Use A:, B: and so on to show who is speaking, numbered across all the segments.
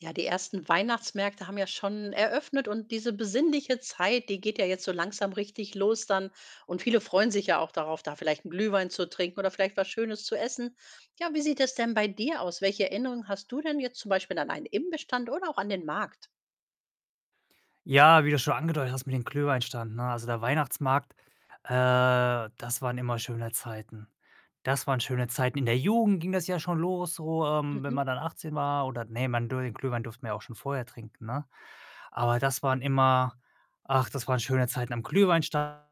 A: Ja, die ersten Weihnachtsmärkte haben ja schon eröffnet und diese besinnliche Zeit, die geht ja jetzt so langsam richtig los dann und viele freuen sich ja auch darauf, da vielleicht 'n Glühwein zu trinken oder vielleicht was Schönes zu essen. Ja, wie sieht es denn bei dir aus? Welche Erinnerungen hast du denn jetzt zum Beispiel an einen Imbissstand oder auch an den Markt?
B: Ja, wie du schon angedeutet hast mit den Glühweinstand, ne, also der Weihnachtsmarkt, äh das waren immer schöne Zeiten. Das waren schöne Zeiten. In der Jugend ging das ja schon los so, ähm, wenn
A: Mhm.
B: man dann 18 war oder ne, man dur den Glühwein durften wir ja auch schon vorher trinken, ne? Aber das waren immer ach, das waren schöne Zeiten am Glühwein-Stand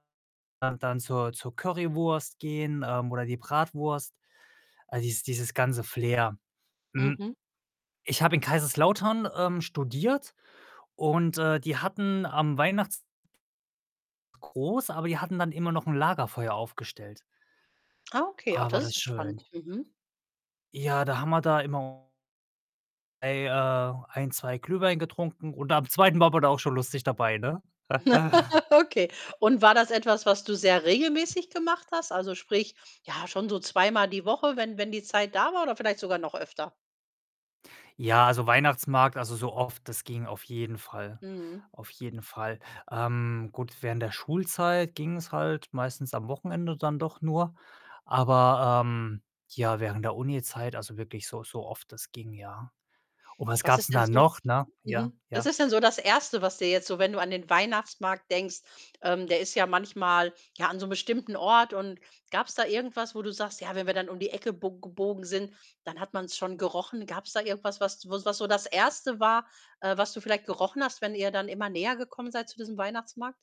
B: und dann zur zur Currywurst gehen, ähm, oder die Bratwurst. All dies dieses ganze Flair. Hm,
A: Mhm.
B: ich habe in Kaiserslautern, ähm, studiert und, äh, die hatten am Weihnachts [unintelligible] groß, aber die hatten immer noch 'n Lagerfeuer aufgestellt.
A: Ah okay, ach
B: Ah, war
A: das
B: das
A: ist spannend,
B: schön.
A: mhm.
B: Ja, da haben wir da immer ei äh, ein, 2 Glühwein getrunken und am 2. war man da auch schon lustig dabei, ne?
A: Okay, und war das etwas, was du sehr regelmäßig gemacht hast, also sprich, ja, schon so zweimal die Woche, wenn wenn die Zeit da war oder vielleicht sogar noch öfter?
B: Ja, also Weihnachtsmarkt, also so oft, das ging auf jeden Fall.
A: Mhm
B: Auf jeden Fall. Ähm, gut, während der Schulzeit ging's halt meistens am Wochenende dann doch nur, aber, ähm ja, während der Unizeit, also wirklich so so oft das ging, ja, und was
A: Was
B: gab's
A: ist
B: denn
A: denn
B: da
A: so
B: noch, ne? Ja,
A: mhm. Was
B: ja.
A: ist denn so das 1., was dir jetzt so, wenn du an den Weihnachtsmarkt denkst ähm, der ist ja manchmal, ja, an so 'nem bestimmten Ort und gab's da irgendwas, wo du sagst: „Ja, wenn wir dann um die Ecke bo gebogen sind, dann hat man's schon gerochen?” Gab's da irgendwas, was, was wo's was so das 1. war, äh, was du vielleicht gerochen hast, wenn ihr dann immer näher gekommen seid zu diesem Weihnachtsmarkt?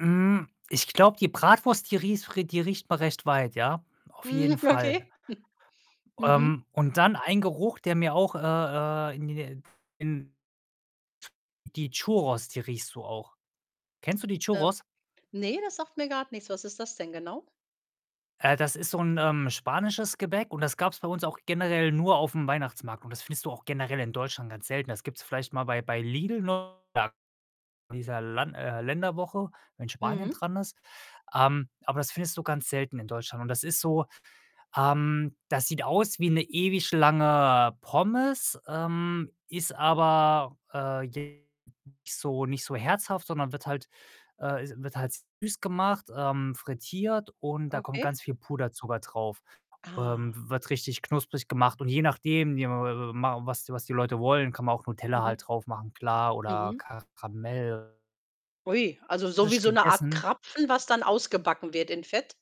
B: Hm, ich glaube, die Bratwurst, die ries r äh, die riecht man recht weit, ja. Auf
A: Mhm,
B: jeden Fall.
A: okay. Mhm.
B: Ähm, und dann ein Geruch, der mir auch, äh äh, in die Nä [unintelligible] in tsch die Churros, die riechst du auch. Kennst du die
A: Ähm.
B: Churros?
A: Ne, das sagt mir grad nichts, was ist das denn genau?
B: Äh, das ist so 'n, ähm, spanisches Gebäck und das gab's bei uns auch generell nur aufm Weihnachtsmarkt und das findest du auch generell in Deutschland ganz selten. Das gibt's vielleicht mal bei bei Lidl, [unintelligible] dieser Lan äh, Länderwoche, wenn Spanien
A: Mhm.
B: dran ist. Ähm, aber das findest du ganz selten in Deutschland und das ist so, ähm das sieht aus wie 'ne ewig lange Pommes, ähm, ist aber, äh, jetzt nicht so nicht so herzhaft, sondern wird halt, äh, is wird halt süß gemacht, ähm, frittiert und da kommt
A: Okay.
B: ganz viel Puderzucker drauf.
A: Ah.
B: Ähm, wird richtig knusprig gemacht und je nachdem, [unintelligible] mau was die was die Leute wollen, kann man auch Nutella
A: Mhm.
B: halt drauf machen, klar oder
A: Mhm.
B: Karamell
A: Ui. Also so wie
B: frisch
A: so 'ne Art
B: gegessen.
A: Krapfen, was dann ausgebacken wird in Fett?